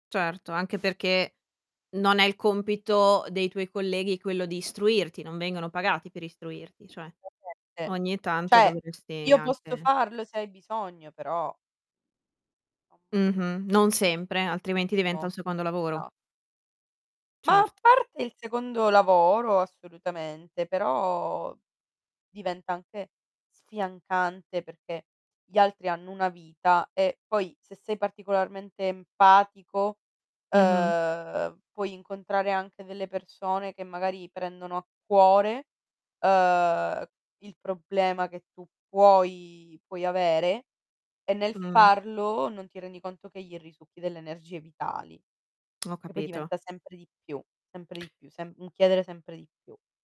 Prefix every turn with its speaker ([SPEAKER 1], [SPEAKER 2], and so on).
[SPEAKER 1] Certo, anche perché non è il compito dei tuoi colleghi quello di istruirti, non vengono pagati per istruirti, cioè.
[SPEAKER 2] Perfette,
[SPEAKER 1] Ogni tanto
[SPEAKER 2] cioè,
[SPEAKER 1] dovresti
[SPEAKER 2] io posso
[SPEAKER 1] anche
[SPEAKER 2] farlo se hai bisogno però [unintelligible]
[SPEAKER 1] Mh-mh, non sempre, altrimenti
[SPEAKER 2] Anche
[SPEAKER 1] diventa
[SPEAKER 2] no,
[SPEAKER 1] un secondo lavoro.
[SPEAKER 2] esa Ma a
[SPEAKER 1] Certo.
[SPEAKER 2] parte il secondo lavoro assolutamente, però diventa anche sfiancante, perché gli altri hanno una vita e poi se sei particolarmente empatico,
[SPEAKER 1] Mh-mh.
[SPEAKER 2] ehm, puoi incontrare anche delle persone che magari prendono a cuore. Ehm, il problema che tu puoi puoi avere, e nel
[SPEAKER 1] Mh.
[SPEAKER 2] farlo non ti rendi conto che gli risucchi delle energie vitali,
[SPEAKER 1] Ho
[SPEAKER 2] che poi
[SPEAKER 1] capito.
[SPEAKER 2] diventa sempre di più, sempre di più, semp un chiedere sempre di più.